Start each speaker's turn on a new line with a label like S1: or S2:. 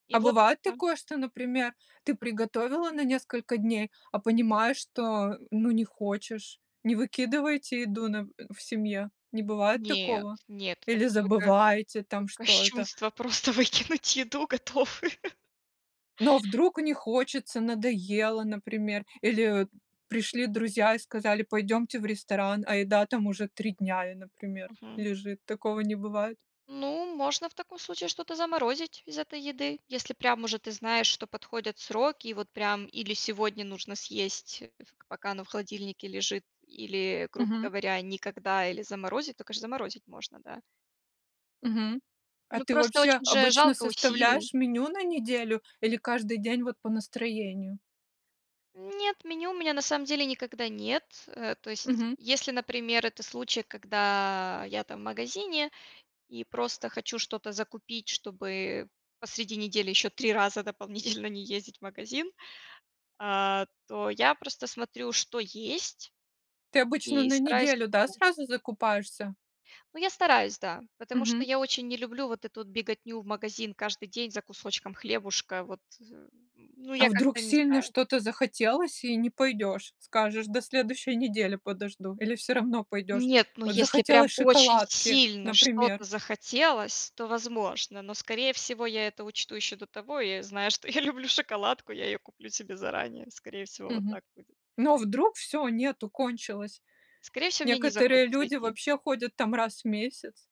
S1: И
S2: А
S1: вот
S2: бывает
S1: Да.
S2: такое, что, например, ты приготовила на несколько дней, а понимаешь, что, ну, не хочешь? Не выкидываете еду на в семье, не бывает
S1: Нет,
S2: такого?
S1: нет. Это
S2: Или
S1: какое-то как
S2: забываете,
S1: как
S2: там, что это?
S1: кощунство просто выкинуть еду готовую.
S2: Ну, а вдруг не хочется, надоело, например. Или, э, пришли друзья и сказали: "Пойдемте в ресторан". А еда, там, уже 3 дня, и например,
S1: Мгм.
S2: лежит. Такого не бывает?
S1: Ну, можно в таком случае что-то заморозить из этой еды. Если прям уже ты знаешь, что подходят сроки. И вот прям или сегодня нужно съесть, пока оно в холодильнике лежит, или, грубо
S2: Мгм.
S1: говоря, никогда или заморозить, то, конечно, заморозить можно, да.
S2: Мгм. А
S1: Ну
S2: ты
S1: просто
S2: вообще
S1: очень же
S2: обычно
S1: жалко усилий.
S2: составляешь меню на неделю или каждый день, вот, по настроению?
S1: Нет, меню у меня на самом деле никогда нет. Э, то есть,
S2: Мгм.
S1: если, например, это случай, когда я, там, в магазине и просто хочу что-то закупить, чтобы посреди недели еще 3 раза дополнительно не ездить в магазин. А то я просто смотрю, что есть,
S2: Ты обычно
S1: и
S2: на
S1: стараюсь
S2: неделю, да, сразу закупаешься?
S1: Ну, я стараюсь, да. Потому что
S2: Мгм.
S1: я очень не люблю вот эту вот беготню в магазин каждый день за кусочком хлебушка. Вот, э, ну,
S2: А
S1: я
S2: вдруг
S1: как-то не
S2: сильно
S1: знаю.
S2: что-то захотелось и не пойдешь? Скажешь, до следующей недели подожду. Или все равно пойдешь?
S1: Нет, ну,
S2: Вот
S1: если прям
S2: захотелось
S1: очень
S2: шоколадки,
S1: сильно
S2: например.
S1: что-то захотелось, то возможно. Но скорее всего я это учту еще до того. Я знаю, что я люблю шоколадку, я ее куплю себе заранее. Скорее всего вот
S2: Мгм.
S1: так будет.
S2: Ну, а вдруг всё, нету, кончилось.
S1: Скорее всего мне не
S2: Некоторые
S1: захочется
S2: люди
S1: идти.
S2: вообще ходят, там, раз в месяц.